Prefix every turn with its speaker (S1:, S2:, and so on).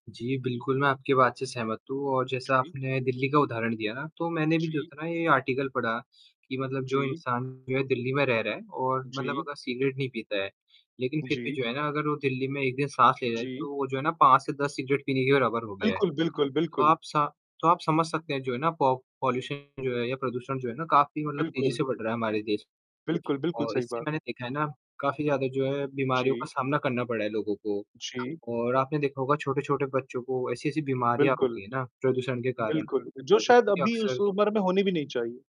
S1: जी, बिल्कुल, मैं आपकी बात से सहमत हूँ और जैसा
S2: जी।
S1: आपने दिल्ली का उदाहरण दिया ना, तो मैंने भी जो
S2: जी।
S1: था ना ये आर्टिकल पढ़ा, कि मतलब जो
S2: जी।
S1: इंसान जो है दिल्ली में रह रहा है और मतलब
S2: जी।
S1: अगर सिगरेट नहीं पीता है। लेकिन फिर भी
S2: जी।
S1: जो है ना अगर वो दिल्ली में 1 दिन सांस ले रहा है,
S2: जी।
S1: तो वो जो है ना 5 से 10 सिगरेट पीने के बराबर हो गया है।
S2: बिल्कुल, बिल्कुल,
S1: तो
S2: बिल्कुल।
S1: आप सा तो आप समझ सकते हैं जो है ना पो पॉल्यूशन जो है या प्रदूषण जो है ना काफ़ी मतलब तेजी
S2: बिल्कुल।
S1: से बढ़ रहा है हमारे देश
S2: बिल्कुल, बिल्कुल,
S1: और
S2: सही
S1: इससे
S2: बात।
S1: मैंने देखा है ना, काफ़ी ज़्यादा जो है बीमारियों का
S2: जी।
S1: सामना करना पड़ रहा है लोगों को।
S2: जी।
S1: और आपने देखा होगा छोटे-छोटे बच्चों को ऐसी-ऐसी बीमारियाँ हो
S2: बिल्कुल।
S1: गई है ना, प्रदूषण के कारण
S2: बिल्कुल, जो
S1: जो
S2: शायद
S1: कि
S2: अभी उस
S1: अक्सर
S2: उम्र में होने भी नहीं चाहिए।